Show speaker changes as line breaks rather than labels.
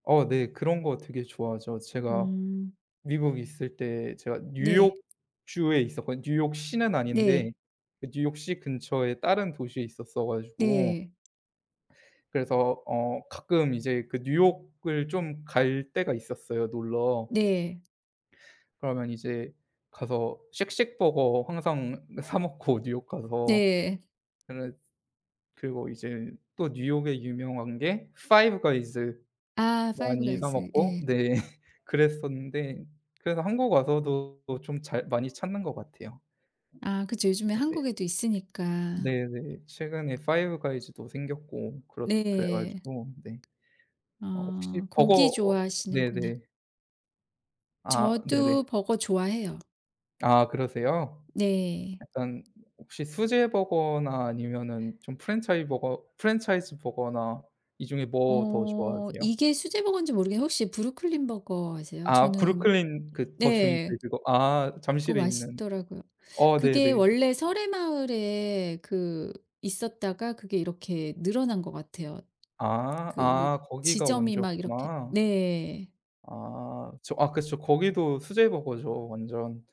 어 네. 그런 거 되게 좋아하죠. 제가
음.
미국에 있을 때 제가
네.
뉴욕주에 있었거든요. 뉴욕시는 아닌데,
네.
그 뉴욕시 근처에 다른 도시에 있었어 가지고
네.
그래서 어 가끔 이제 그 뉴욕을 좀 갈 때가 있었어요 놀러.
네.
그러면 이제 가서 쉑쉑버거 항상 사 먹고 뉴욕 가서
네.
근데 그리고 이제 또 뉴욕에 유명한 게 파이브가이즈
아.
많이 사
파이브가이즈.
먹고
예.
네 그랬었는데 그래서 한국 와서도 좀 잘 많이 찾는 것 같아요.
아. 그쵸. 요즘에
네네.
한국에도 있으니까.
네네. 최근에 파이브가이즈도 생겼고 그렇 그래
네.
가지고 네. 어 혹시
아
버거
고기
어
좋아하시는구나.
네네. 아. 네네.
저도 버거 좋아해요.
아 그러세요.
네.
약간 혹시 수제 버거나 아니면은 좀 프랜차이 버거 프랜차이즈 버거나 이 중에 뭐 더
어.
좋아하세요?
이게 수제 버거인지 모르겠는데 혹시 브루클린 버거 아세요?
아.
저는
브루클린 그 더조인트
네.
그거 아
그거
잠실에 있는
맛있더라고요.
어
그게
네네.
원래 서래마을에 그 있었다가 그게 이렇게 늘어난 것 같아요.
아
그
아 거기가
지점이 막 이렇게
원조였구나.
네.
아. 저 아 그 저 거기도 수제 버거죠 완전.